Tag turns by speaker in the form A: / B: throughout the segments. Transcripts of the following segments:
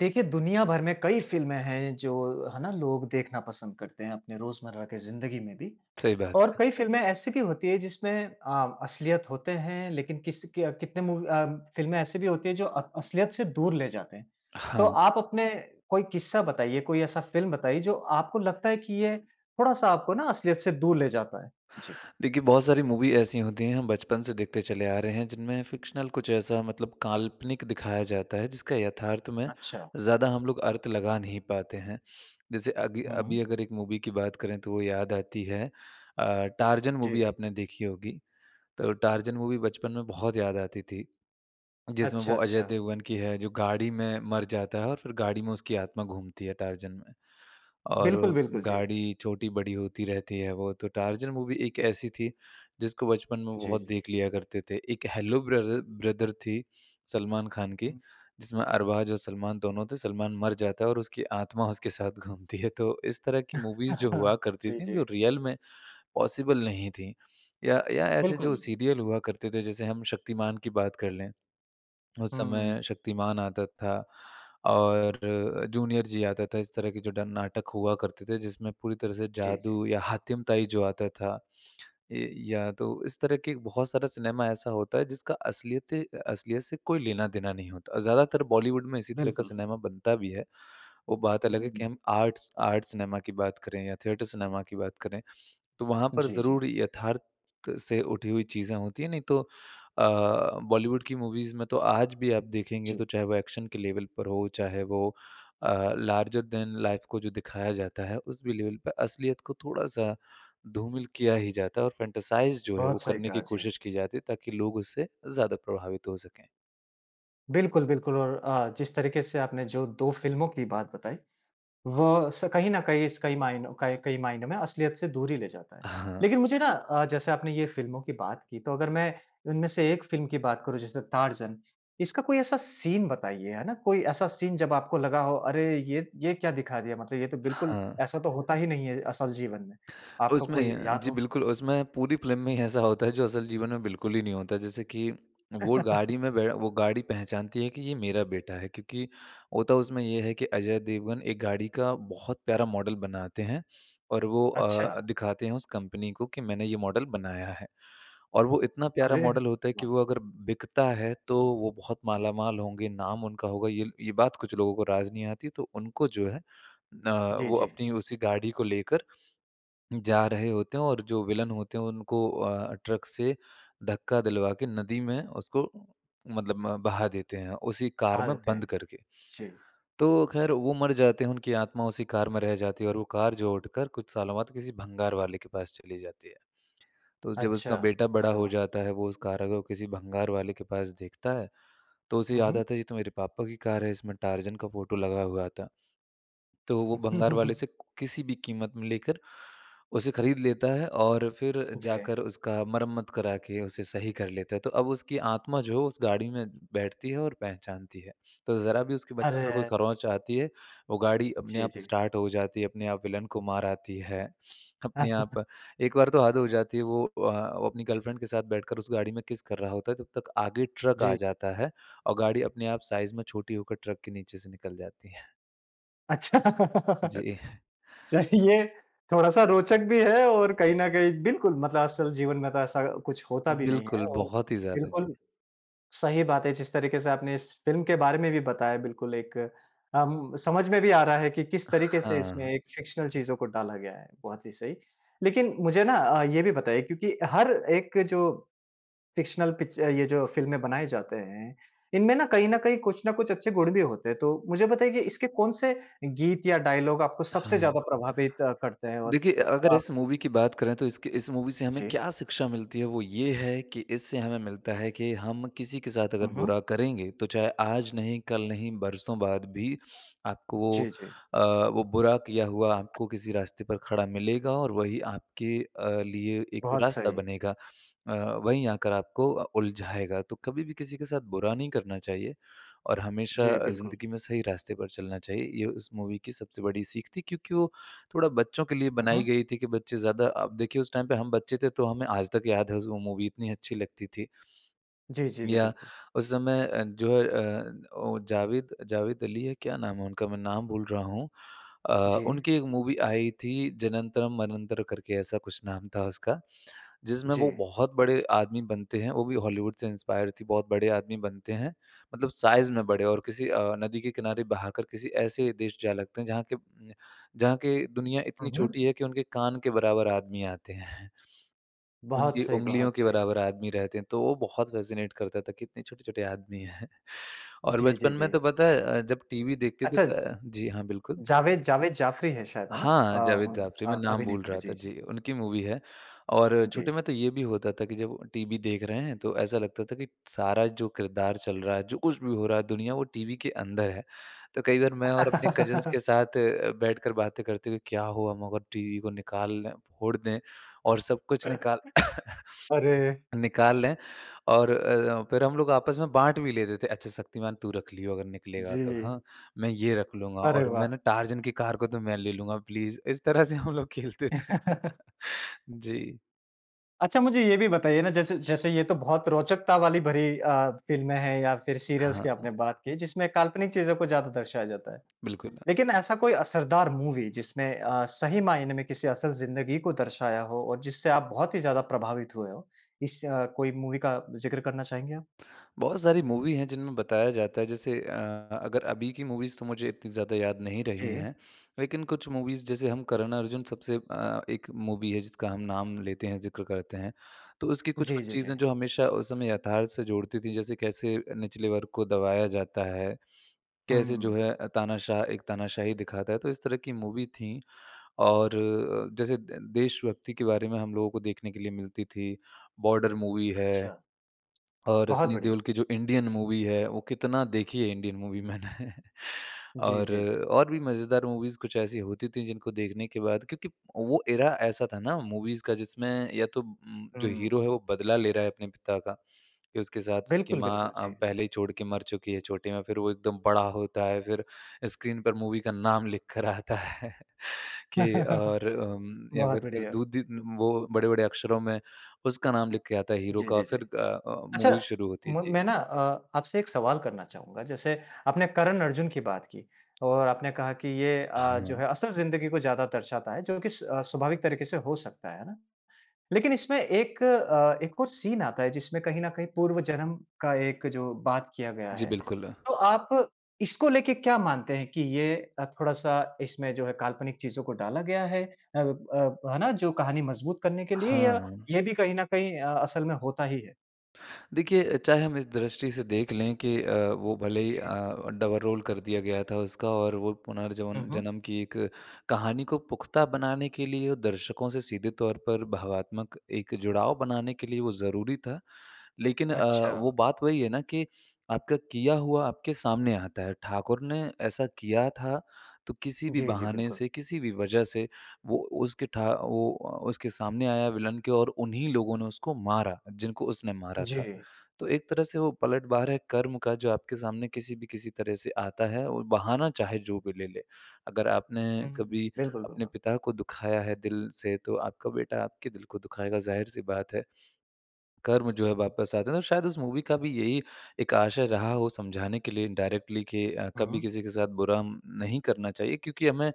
A: देखिए, दुनियाभर में कई फ़िल्में हैं जो है ना? लोग देखना पसंद करते हैं अपने रोज़मर्रा की ज़िंदगी में भी।
B: सही बात
A: और
B: है।
A: कई फ़िल्में ऐसी भी होती हैं जिसमें अ, असलियत होते हैं लेकिन किस के कितने मूवी अ, फ़िल्में ऐसी भी होती हैं जो अ, असलियत से दूर ले जाते हैं। तो
B: हाँ।
A: आप अपने कोई किस्सा बताइए कोई ऐसा फ़िल्म बताइए जो आपको लगता है कि ये थोड़ा-सा आपको ना असलियत से दूर ले जाता है। जी।
B: देखिए, बहुत सारी मूवी ऐसी होती हैं हम बचपन से देखते चले आ रहे हैं जिनमें फ़िक्शनल कुछ ऐसा मतलब काल्पनिक दिखाया जाता है जिसका यथार्थ में
A: अच्छा।
B: ज़्यादा हम लोग अर्थ लगा नहीं पाते हैं। जैसे अगी अभी
A: हुँ।
B: अगर एक मूवी की बात करें तो वो याद आती है अ, टार्ज़न मूवी
A: जी।
B: आपने देखी होगी, तो टार्ज़न मूवी बचपन में बहुत याद आती थी। जिसमें
A: अच्छा,
B: वो अजय
A: अच्छा।
B: देवगन की है जो गाड़ी में मर जाता है और फिर गाड़ी में उसकी आत्मा घूमती है, टार्ज़न में
A: बिल्कुल,
B: और
A: बिल्कुल। जी।
B: गाड़ी छोटी-बड़ी होती रहती है वो, तो टार्ज़न मूवी एक ऐसी थी जिसको बचपन में
A: जी,
B: बहुत
A: जी।
B: देख लिया करते थे। एक हैलो ब्ररर ब्रदर थी सलमान खान की,
A: उम
B: जिसमें अरबाज़ और सलमान दोनों थे। सलमान मर जाता है और उसकी आत्मा उसके साथ घूमती है। तो इस तरह की मूवीज़ जो हुआ करती
A: जी,
B: थीं जो
A: जी।
B: रियल में पॉसिबल नहीं थीं या, या ऐसे
A: बिल्कुल,
B: जो
A: बिल
B: सीरियल हुआ करते थे जैसे हम शक्तिमान की बात कर लें, उस
A: हुँ।
B: समय शक्तिमान आता था और जूनियर जी आता था। इस तरह के जो डन नाटक हुआ करते थे जिसमें पूरी तरह से
A: जी, जी।
B: जादू या हातिमताई जो आता था, ये या तो इस तरह के बहुत सारा सिनेमा ऐसा होता है जिसका असलियते असलियत से कोई लेना-देना नहीं होता और ज़्यादातर बॉलीवुड में इसी तरह का
A: बिल्कुल।
B: सिनेमा बनता भी है। वो बात
A: हुँ,
B: अलग है
A: हुँ,
B: कि
A: हुँ।
B: हम आर्ट्स आर्ट् सिनेमा की बात करें या थिएटर सिनेमा की बात करें, तो वहाँ पर
A: जी, जी।
B: ज़रूर यथार्थ से उठी हुई चीज़ें होती हैं। नहीं तो अ, बॉलीवुड की मूवीज़ में तो आज भी आप देखेंगे तो
A: जी।
B: चाहे वो एक्शन के लेवल पर हो चाहे वो अ, लार्जर दैन लाइफ़ को जो दिखाया जाता है उस भी लेवल पर असलियत को थोड़ा-सा धूमिल किया ही जाता है। और फ़ैंटसाइज़ जो है वो
A: बहुत सही
B: करने की
A: कहा, जी।
B: कोशिश की जाती है ताकि लोग उससे ज़्यादा प्रभावित हो सकें।
A: बिल्कुल, बिल्कुल और अ, जिस तरीक़े से आपने जो 2 फ़िल्मों की बात बताई, वह स कहीं न कहीं स कई मायनों कई कई मायनों में असलियत से दूर ही ले जाता है।
B: हाँ।
A: लेकिन मुझे ना अ, जैसे आपने ये फ़िल्मों की बात की, तो अगर मैं इनमें से एक फ़िल्म की बात करूँ, जैसे तारज़न, इसका कोई ऐसा सीन बताइए। है ना? कोई ऐसा सीन जब आपको लगा हो, "अरे! ये ये क्या दिखा दिया? मतलब ये तो बिल्कुल
B: हाँ।
A: ऐसा तो होता ही नहीं है असल जीवन में।" आपको कोई
B: उसमें
A: याद
B: जी,
A: हो?
B: बिल्कुल, उसमें पूरी फ़िल्म में ही ऐसा होता है जो असल जीवन में बिल्कुल ही नहीं होता है। जैसे कि वो गाड़ी में बै वो गाड़ी पहचानती है कि, "ये मेरा बेटा है।" क्योंकि होता उसमें ये है कि अजय देवगन एक गाड़ी का बहुत प्यारा मॉडल बनाते हैं और वो अ, अ,
A: अच्छा!
B: दिखाते हैं उस कंपनी को कि, "मैंने ये मॉडल बनाया है।" और वो इतना प्यारा
A: अरे!
B: मॉडल होता है कि
A: वाह!
B: वो अगर बिकता है, तो वो बहुत मालामाल होंगे, नाम उनका होगा। ये ये बात कुछ लोगों को राज़ नहीं आती तो उनको जो है अ,
A: जी,
B: वो
A: जी।
B: अपनी उसी गाड़ी को लेकर जा रहे होते हैं और जो विलन होते हैं, उनको अ, ट्रक से धक्का दिलवा के नदी में उसको मतलब म बहा देते हैं, उसी कार
A: बहा
B: में
A: देते
B: बंद
A: हैं।
B: करके।
A: जी।
B: तो ख़ैर, वो मर जाते हैं, उनकी आत्मा उसी कार में रह जाती है और वो कार जो उठकर कुछ सालों बाद किसी भंगार वाले के पास चली जाती है। तो जब
A: अच्छा।
B: उसका बेटा बड़ा
A: अरे
B: हो
A: वाह!
B: जाता है, वो उस कार को किसी भंगार वाले के पास देखता है, तो उसे
A: हुँ,
B: याद
A: हुँ।
B: आता है, "ये तो मेरे पापा की कार है। इसमें टार्ज़न का फ़ोटो लगा हुआ था।" तो वो भंगार वाले से किसी भी क़ीमत में लेकर उसे ख़रीद लेता है और फिर
A: जी।
B: जाकर उसका मरम्मत करा के उसे सही कर लेता है। तो अब उसकी आत्मा जो उस गाड़ी में बैठती है और पहचानती है। तो ज़रा भी उसके बच्चे को कोई
A: अरे!
B: खरोंच आती है, वो गाड़ी अपने
A: जी,
B: आप
A: जी।
B: स्टार्ट हो जाती है, अपने आप विलेन को मार आती है, अपने
A: [unintelligible]
B: आप एक बार तो हद हो जाती है, वो अ, वो अपनी गर्लफ्रेंड के साथ बैठकर उस गाड़ी में किस कर रहा होता है, तब तक आगे ट्रक आ
A: जी।
B: जाता है और गाड़ी अपने आप साइज़ में छोटी होकर ट्रक के नीचे से निकल जाती है।
A: अच्छा।
B: जी।
A: चाहे ये थोड़ा-सा रोचक भी है और कहीं न कहीं बिल्कुल मतलब असल जीवन में तो ऐसा कुछ होता भी नहीं है
B: बिल्कुल।
A: और
B: बहुत ही ज़्यादा। जी।
A: बिल्कुल सही बात है। जिस तरीके से आपने इस फ़िल्म के बारे में भी बताया बिल्कुल एक अम, समझ में भी आ रहा है कि किस तरीके से इसमें
B: हाँ।
A: एक फ़िक्शनल चीज़ों को डाला गया है। बहुत ही सही। लेकिन मुझे ना अ, ये भी बताइए क्योंकि हर एक जो फ़िक्शनल पिच अ, ये जो फ़िल्में बनाए जाते हैं, इनमें ना कहीं न कहीं, कुछ न कुछ अच्छे गुण भी होते हैं। तो मुझे बताइए कि इसके कौन-से गीत या डायलॉग आपको सबसे
B: हाँ।
A: ज़्यादा प्रभावित करते हैं? और
B: देखिए अ, अगर
A: अ
B: इस मूवी की बात करें तो इसके इस मूवी से हमें
A: जी।
B: क्या शिक्षा मिलती है, वो ये है कि इससे हमें मिलता है कि हम किसी के साथ
A: हुँ,
B: अगर
A: हुँ।
B: बुरा करेंगे तो चाहे आज नहीं कल नहीं बरसों बाद भी आपको वो
A: जी जी।
B: अ, वो बुरा किया हुआ आपको किसी रास्ते पर खड़ा मिलेगा और वही आपके अ, लिए एक
A: बहुत
B: रास्ता
A: सही।
B: बनेगा। अ, वहीं आकर आपको अ, उलझाएगा। तो कभी भी किसी के साथ बुरा नहीं करना चाहिए और हमेशा
A: जी,
B: अ,
A: बिल्कुल।
B: ज़िंदगी में सही रास्ते पर चलना चाहिए। ये उस मूवी की सबसे बड़ी सीख थी। क्योंकि वो थोड़ा बच्चों के लिए
A: हुँ,
B: बनाई
A: हुँ।
B: गई थी कि बच्चे ज़्यादा अब देखिए उस टाइम पर हम बच्चे थे तो हमें आज तक याद है उस वो जो मूवी इतनी अच्छी लगती थी।
A: जी, जी, जी,
B: या
A: बिल्कुल।
B: उस समय अ, जो अ, वो जावेद जावेद अली है, क्या नाम है उनका? मैं नाम भूल रहा हूँ। अ,
A: जी।
B: उनकी एक मूवी आई थी जनन्तरम मनन्तर करके ऐसा कुछ नाम था उसका। जिसमें वो
A: जी।
B: बहुत बड़े आदमी बनते हैं, वो भी हॉलीवुड से इंस्पायर थी। बहुत बड़े आदमी बनते हैं। मतलब साइज़ में बड़े और किसी अ, नदी के किनारे बहाकर किसी ऐसे देश जा लगते हैं जहाँ के उम, जहाँ के दुनिया इतनी
A: हुँ, हुँ।
B: छोटी है कि उनके कान के बराबर आदमी आते हैं।
A: बहुत
B: उनकी
A: सही,
B: उँगलियों
A: बहुत
B: के
A: सही।
B: बराबर आदमी रहते हैं। तो वो बहुत फ़ैसिनेट करता था कितने छोटे-छोटे आदमी हैं और
A: जी, जी,
B: बचपन में तो
A: जी।
B: पता है अ, जब टीवी देखते थे
A: अच्छा।
B: अ, जी हाँ, बिल्कुल।
A: जावेद जावेद जाफ़री है शायद। है ना? अ,
B: हाँ, जावेद जाफ़री,
A: अ
B: मैं
A: अ
B: नाम भूल
A: अभिनेता का
B: रहा
A: जी,
B: था।
A: जी।
B: जी। उनकी मूवी है। और
A: जी,
B: छोटे
A: जी।
B: में तो ये भी होता था कि जब टीवी देख रहे हैं तो ऐसा लगता था कि सारा जो किरदार चल रहा है जो कुछ भी हो रहा है दुनिया वो टीवी के अंदर है। तो कई बार मैं और अपने कज़िन्स के साथ अ, बैठकर बातें करते हुए, क्या हो हम अगर टीवी को निकाल लें, फ़ोड़ दें और सब कुछ निकाल
A: अरे!
B: निकाल लें और अ, फिर हम लोग आपस में बाँट भी लेते थे। अच्छा शक्तिमान तू रख लियो अगर निकलेगा तो,
A: जी।
B: हाँ? मैं ये रख लूँगा
A: अरे
B: और मैं ना
A: वाह!
B: टार्ज़न की कार को तो मैं ले लूँगा प्लीज़। इस तरह से हम लोग खेलते थे। जी।
A: अच्छा, मुझे ये भी बताइए ना, जैसे जैसे ये तो बहुत रोचकता वाली भरी अ, फिल्में हैं या फिर सीरियल्स की
B: हाँ।
A: आपने बात की, जिसमें काल्पनिक चीज़ों को ज़्यादा दर्शाया जाता है।
B: बिल्कुल।
A: लेकिन ऐसा कोई असरदार मूवी, जिसमें अ, सही मायने में किसी असल ज़िंदगी को दर्शाया हो और जिससे आप बहुत ही ज़्यादा प्रभावित हुए हों। इस कोई मूवी का ज़िक्र करना चाहेंगे आप?
B: बहुत सारी मूवी है, जिनमें बताया जाता है। जैसे अ, अगर अभी की मूवीज़, तो मुझे इतनी ज़्यादा याद नहीं रही
A: जी।
B: हैं, लेकिन कुछ मूवीज़ जैसे हम करण अर्जुन, सबसे अ, एक मूवी है जिसका हम नाम लेते हैं, ज़िक्र करते हैं, तो उसकी
A: जी,
B: कुछ-कुछ
A: जी, जी।
B: चीज़ें जो हमेशा उस समय यथार्थ से जोड़ती थीं। जैसे कैसे निचले वर्ग को दबाया जाता है, कैसे जो
A: हुँ।
B: है अ, तानाशाह एक तानाशाही दिखाता है, तो इस तरह की मूवी थी। और जैसे दे देश भक्ति के बारे में हम लोगों को देखने के लिए मिलती थी, बॉर्डर मूवी है
A: अच्छा।
B: और
A: बहुत
B: सनी
A: बढ़िया।
B: देओल की जो इंडियन मूवी है, वो कितना देखी है इंडियन मूवी मैंने।
A: जी,
B: और
A: जी, जी।
B: और भी मजेदार मूवीज़ कुछ ऐसी होती थी, जिनको देखने के बाद क्योंकि वो एरा ऐसा था ना, मूवीज़ का, जिसमें या तो उम जो हीरो
A: हुँ।
B: है वो बदला ले रहा है अपने पिता का, कि उसके साथ उसकी
A: बिल्कुल,
B: माँ
A: बिल्कुल। जी।
B: पहले ही छोड़ के मर चुकी है छोटी में, फिर वो एकदम बड़ा होता है, फिर स्क्रीन पर मूवी का नाम लिखकर आता है। कि और उम या
A: बहुत
B: फिर फिर
A: बढ़िया।
B: दूधि वो बड़े-बड़े अक्षरों में उसका नाम लिख के आता है हीरो
A: जी,
B: का,
A: जी, जी।
B: फिर द अ,
A: अच्छा,
B: मूवी शुरू होती है।
A: म
B: जी।
A: मैं ना अ, आपसे एक सवाल करना चाहूँगा। जैसे आपने करन अर्जुन की बात की और आपने कहा कि ये अ, जो
B: हाँ।
A: है असल ज़िंदगी को ज़्यादा दर्शाता है, जो कि स स्वाभाविक तरीके से हो सकता है, है ना? लेकिन इसमें एक अ, एक और सीन आता है, जिसमें कहीं न कहीं पूर्व जन्म का एक जो बात किया गया
B: जी।
A: है।
B: बिल्कुल।
A: तो आप इसको लेके क्या मानते हैं कि ये अ, थोड़ा-सा इसमें जो है काल्पनिक चीज़ों को डाला गया है, अब अब है ना, जो कहानी मज़बूत करने के लिए, या
B: हाँ।
A: ये भी कहीं न कहीं अ, असल में होता ही है?
B: देखिए, चाहे हम इस दृष्टि से देख लें कि अ, वो भले ही
A: जी।
B: अ, डबल रोल कर दिया गया था उसका और वो
A: हुँ,
B: पुनर्जवन
A: हुँ।
B: जन्म की एक कहानी को पुख़्ता बनाने के लिए दर्शकों से सीधे तौर पर भावात्मक एक जुड़ाव बनाने के लिए वो ज़रूरी था। लेकिन अ, वो
A: अच्छा।
B: बात वही है ना कि आपका किया हुआ आपके सामने आता है। ठाकुर ने ऐसा किया था, तो किसी भी
A: जी, जी।
B: बहाने
A: बिल्कुल।
B: से, किसी भी वज़ह से वो उसके ठा वो उ उसके सामने आया विलन के और उन्हीं लोगों ने उसको मारा, जिनको उसने मारा था।
A: जी।
B: तो एक तरह से वो पलटवार है कर्म का, जो आपके सामने किसी भी किसी तरह से आता है, और बहाना चाहे जो भी ले-ले। अगर आपने
A: हुँ, हुँ।
B: कभी
A: बिल्कुल,
B: अपने
A: बिल्कुल।
B: पिता को दुखाया है दिल से, तो आपका बेटा आपके दिल को दुखाएगा, ज़ाहिर सी बात है, कर्म जो है वापस आते हैं। तो शायद उस मूवी का भी यही एक आशय रहा हो समझाने के लिए इनडायरेक्टली कि
A: हुँ,
B: कभी
A: हुँ।
B: किसी के साथ बुरा म नहीं करना चाहिए, क्योंकि हमें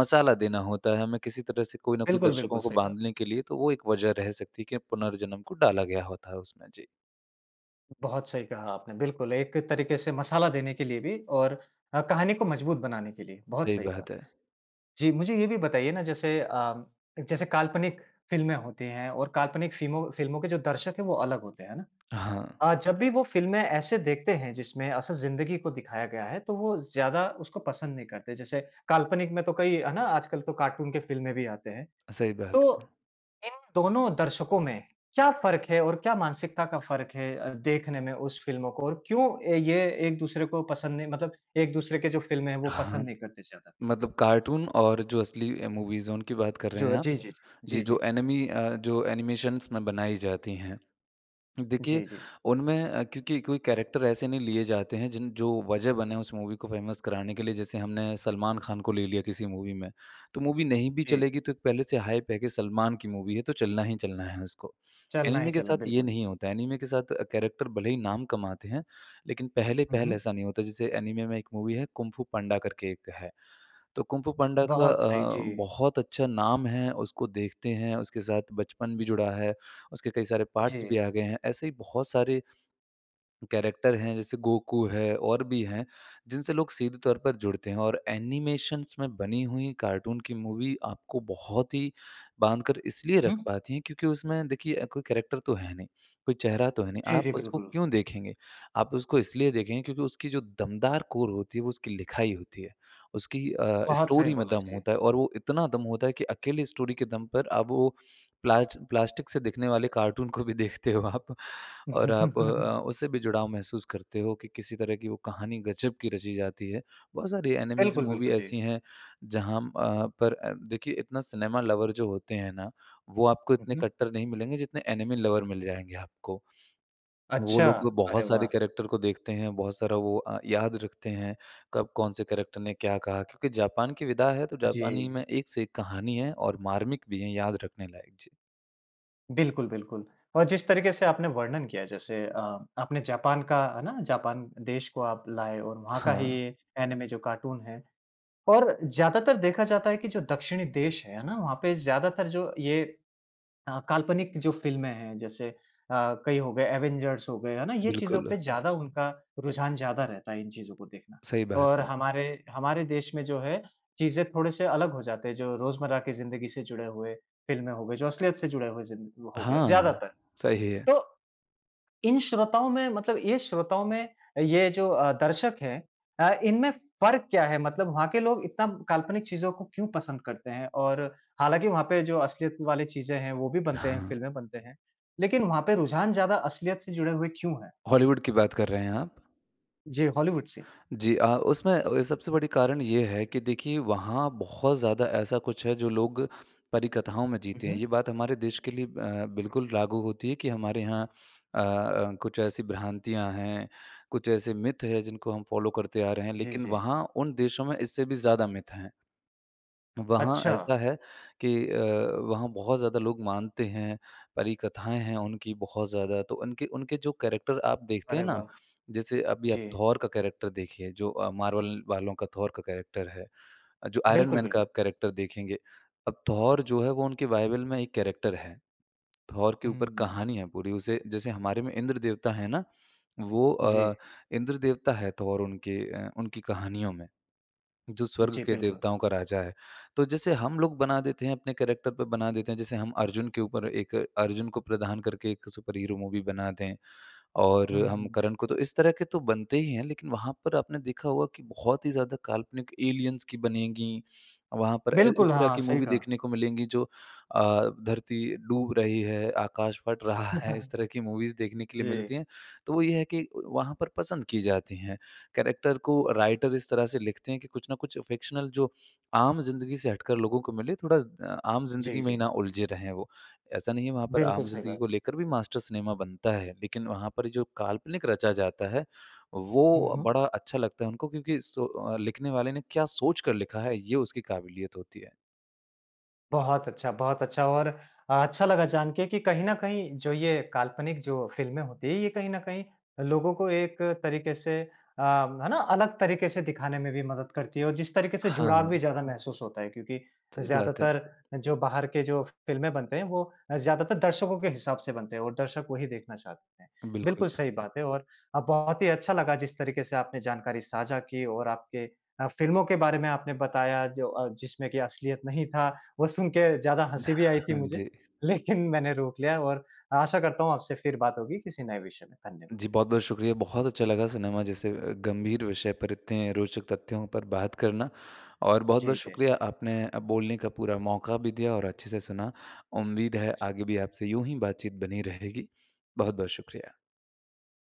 B: मसाला देना होता है, हमें किसी तरह से कोई न कोई
A: बिल्कुल, बिल्कुल
B: दर्शकों को
A: सही कहा।
B: बाँधने के लिए, तो वो एक वज़ह रह सकती है कि पुनर्जन्म को डाला गया होता है उसमें, जी।
A: बहुत सही कहा आपने, बिल्कुल। एक तरीके से मसाला देने के लिए भी और अ, कहानी को मज़बूत बनाने के लिए बहुत
B: सही
A: सही कहा।
B: बात है।
A: जी, मुझे ये भी बताइए ना, जैसे अ, जैसे काल्पनिक फ़िल्में होती हैं और काल्पनिक फिमो फ़िल्मों के जो दर्शक हैं वो अलग होते हैं, है ना?
B: हाँ।
A: अ, जब भी वो फ़िल्में ऐसे देखते हैं, जिसमें असल ज़िंदगी को दिखाया गया है, तो वो ज़्यादा उसको पसंद नहीं करते। जैसे काल्पनिक में तो कई है ना, आजकल तो कार्टून के फ़िल्में भी आते हैं।
B: सही बात
A: तो
B: है।
A: इन दोनों दर्शकों में क्या फ़र्क है और क्या मानसिकता का फ़र्क है अ, देखने में उस फ़िल्मों को, और क्यों ये एक-दूसरे को पसंद नहीं मतलब एक-दूसरे की जो फ़िल्में हैं वो
B: हाँ,
A: पसंद नहीं करते ज़्यादा?
B: मतलब
A: जी।
B: कार्टून और जो असली अ, मूवीज़ है उनकी बात कर रहे हैं
A: जो
B: आप?
A: जी, जी, जी।
B: जी,
A: जी,
B: जो
A: जी।
B: एनीमे अ, जो एनिमेशन्स में बनाई जाती है। देखिए,
A: जी, जी।
B: उनमें अ, क्योंकि कोई कैरेक्टर ऐसे नहीं लिए जाते हैं जिन जो वजह बने हैं उस मूवी को फ़ेमस कराने के लिए, जैसे हमने सलमान खान को ले लिया किसी मूवी में, तो मूवी नहीं भी
A: जी।
B: चलेगी तो पहले से हाइप है कि सलमान की मूवी है, तो चलना ही चलना है उसको।
A: चलना ही
B: एनीमे के
A: चलना,
B: साथ ये
A: बिल्कुल।
B: नहीं होता है। एनीमे के साथ कैरेक्टर भले ही नाम कमाते हैं। लेकिन
A: हुँ,
B: पहले-पहले
A: हुँ।
B: ऐसा नहीं होता, जैसे एनीमे में एक मूवी है कुंग फू पांडा करके एक है। तो कुंग फू पांडा का
A: बहुत सही,
B: अ,
A: जी।
B: बहुत अच्छा नाम है। उसको देखते हैं। उसके साथ बचपन भी जुड़ा है। उसके कई सारे पार्ट्स भी
A: जी।
B: आ गए हैं। ऐसे ही बहुत सारे कैरेक्टर हैं, जैसे गोकू है और भी हैं, जिनसे लोग सीधे तौर पर जुड़ते हैं, और एनिमेशन्स में बनी हुई कार्टून की मूवी आपको बहुत ही बाँधकर इसलिए रख
A: हुँ।
B: पाती है, क्योंकि उसमें देखिए अ, कोई कैरेक्टर तो है नहीं, कोई चेहरा तो है नहीं,
A: जी,
B: आप
A: जी
B: उसको
A: बिल्कुल।
B: क्यों देखेंगे? आप उसको इसलिए देखेंगे क्योंकि उसकी जो दमदार कोर होती है, वो उसकी लिखाई होती है, उसकी अ,
A: बहुत सही
B: स्टोरी में
A: बोला
B: दम
A: जी।
B: होता है, और वो इतना दम होता है कि अकेले स्टोरी के दम पर अब वो प्ला प्लास्टिक से दिखने वाले कार्टून को भी देखते हो आप, और आप अ, उससे भी जुड़ाव महसूस करते हो कि किसी तरह की वो कहानी ग़ज़ब की रची जाती है। बहुत सारी एनीमेज़
A: बिल्कुल,
B: मूवी
A: बिल्कुल जी।
B: ऐसी है जहाँ म अ, पर देखिए इतना सिनेमा लवर जो होते हैं ना वो आपको इतने
A: उहुँ।
B: कट्टर नहीं मिलेंगे जितने एनीमे लवर मिल जाएँगे आपको। वो
A: अच्छा,
B: लोग
A: अरे
B: बहुत सारे
A: वाह!
B: कैरेक्टर को देखते हैं, बहुत सारा वो अ, याद रखते हैं, कब कौन से कैरेक्टर ने क्या कहा, क्योंकि जापान की विधा है तो जापानी
A: जी।
B: में एक से एक कहानी है और मार्मिक भी है, याद रखने लायक, जी।
A: बिल्कुल-बिल्कुल। और जिस तरीके से आपने वर्णन किया है जैसे अ, आपने जापान का, है ना? जापान देश को आप लाए हो वहाँ का ही
B: हाँ।
A: एनिमे जो कार्टून है। और ज़्यादातर देखा जाता है कि जो दक्षिणी देश हैं, है ना? वहाँ पे ज़्यादातर जो ये अ, काल्पनिक जो फ़िल्में हैं जैसे अ, कई हो गए एवेंजर्स हो गए है ना? ये चीज़ों
B: बिल्कुल।
A: पे ज़्यादा उनका, रुझान ज़्यादा रहता है इन चीज़ों को देखना।
B: सही बात
A: और
B: है।
A: हमारे, हमारे देश में जो है चीज़ें थोड़े से अलग हो जाते हैं। जो रोजमर्रा की ज़िन्दगी से जुड़े हुए फिल्में हो गए, जो असलियत से जुड़े हुए ज़िं हो गए,
B: हाँ,
A: ज़्यादातर।
B: सही है।
A: तो, इन श्रोताओं में मतलब ये श्रोताओं में ये जो अ, दर्शक है अ, इनमें फ़र्क क्या है? मतलब वहाँ के लोग इतना काल्पनिक चीज़ों को क्यों पसंद करते हैं। और हालाँकि वहाँ पे जो असलियत वाली चीजें हैं वो भी बनते हैं,
B: हाँ।
A: फ़िल्में बनते हैं। लेकिन वहाँ पे रुझान ज़्यादा असलियत से जुड़े हुए क्यों है?
B: हॉलीवुड की बात कर रहे हैं आप?
A: जी, हॉलीवुड से।
B: जी अ, उसमें अ, सबसे बड़ी कारण ये है कि देखिए वहाँ बहुत ज़्यादा ऐसा कुछ है जो लोग परी कथाओं में
A: हुँ,
B: जीते हैं।
A: हुँ।
B: ये बात हमारे देश के लिए अ, बिल्कुल लागू होती है कि हमारे यहाँ अ अ, कुछ ऐसी भ्रांतियाँ हैं कुछ ऐसे मिथ है जिनको हम फॉलो करते आ रहे हैं।
A: जी,
B: लेकिन
A: जी।
B: वहाँ उन देशों में इससे भी ज़्यादा मिथ हैं। वहाँ
A: अच्छा।
B: ऐसा है कि अ, वहाँ बहुत ज़्यादा लोग मानते हैं, परी कथाएँ हैं उनकी बहुत ज़्यादा। तो उनके उनके जो कैरेक्टर आप देखते हैं
A: अरे
B: ना?
A: वाह!
B: जैसे अभी आप
A: जी।
B: थॉर का कैरेक्टर देखिए जो Marvel वालों का थॉर का कैरेक्टर है। अ, जो आयरन
A: बिल्कुल,
B: मैन का
A: बिल्कुल।
B: आप कैरेक्टर देखेंगे। अब थॉर जो है वो उनके बाइबल में एक कैरेक्टर है। थॉर के ऊपर
A: हम्म।
B: कहानी है पूरी। उसे जैसे हमारे में इंद्र देवता है ना वो
A: जी।
B: अ, इंद्र देवता है थोर उनके उनकी कहानियों में, जो स्वर्ग
A: जी,
B: के
A: बिल्कुल।
B: देवताओं का राजा है। तो जैसे हम लोग बना देते हैं अपने कैरेक्टर पर बना देते हैं जैसे हम अर्जुन के ऊपर एक अर्जुन को प्रदान करके एक सुपर हीरो मूवी बनाते हैं। और हम
A: हम्म।
B: करण को तो इस तरह के तो बनते ही हैं लेकिन वहाँ पर आपने देखा होगा कि बहुत ही ज़्यादा काल्पनिक एलियंस की बनेगी। वहाँ पर अ, इस
A: बिल्कुल,
B: तरह
A: हाँ
B: की
A: सही
B: मूवी
A: कहा।
B: देखने को मिलेंगी जो अ, धरती डूब रही है, आकाश फ़ट रहा है इस तरह की मूवीज़ देखने के लिए मिलती
A: जी।
B: हैं। तो वो ये है कि वहाँ पर पसंद की जाती हैं। कैरेक्टर को राइटर इस तरह से लिखते हैं कि कुछ न कुछ फिक्शनल जो आम ज़िन्दगी से हटकर लोगों को मिले थोड़ा अ, आम ज़िन्दगी
A: जी,
B: में ही
A: जी।
B: ना उलझे रहे वो। ऐसा नहीं है वहाँ पर
A: बिल्कुल
B: आम
A: सही
B: ज़िन्दगी
A: बात।
B: को लेकर भी मास्टर सिनेमा बनता है। लेकिन वहाँ पर जो काल्पनिक रचा जाता है,
A: हुँ,
B: वो
A: हुँ।
B: बड़ा अच्छा लगता है उनको क्योंकि सो लिखने वाले ने क्या सोचकर लिखा है ये उसकी क़ाबिलियत होती है।
A: बहुत अच्छा, बहुत अच्छा और अ, अच्छा लगा जान के कि कहीं न कहीं जो ये काल्पनिक जो फिल्में होती हैं, ये कहीं न कहीं लोगों को एक तरीके से अ, है ना? अलग तरीके से दिखाने में भी मदद करती है। और जिस तरीके से जुड़ाव भी
B: हाँ।
A: ज़्यादा महसूस होता है क्योंकि
B: सही बात है।
A: ज़्यादातर जो बाहर के जो फिल्में बनते हैं वो अ, ज़्यादातर दर्शकों के हिसाब से बनते हैं, और दर्शक वही देखना चाहते हैं।
B: अ, बिल्कुल।
A: बिल्कुल सही बात है और अ, बहुत ही अच्छा लगा जिस तरीके से आपने जानकारी साझा की और आपके अ, फिल्मों के बारे में आपने बताया जो अ, जिसमें कि असलियत नहीं था। वो सुन के ज़्यादा हँसी भी आई थी मुझे,
B: जी।
A: लेकिन मैंने रोक लिया। और आशा करता हूँ आपसे फिर बात होगी किसी नए विषय पे, धन्यवाद।
B: जी, बहुत-बहुत शुक्रिया। बहुत अच्छा लगा सिनेमा जैसे गंभीर विषय पर इतने रोचक तथ्यों पर बात करना। और बहुत-बहुत
A: जी, जी।
B: शुक्रिया आपने अ, बोलने का पूरा मौका भी दिया और अच्छे से सुना। उम्मीद है
A: जी।
B: आगे भी आपसे यूँ ही बातचीत बनी रहेगी। बहुत-बहुत शुक्रिया।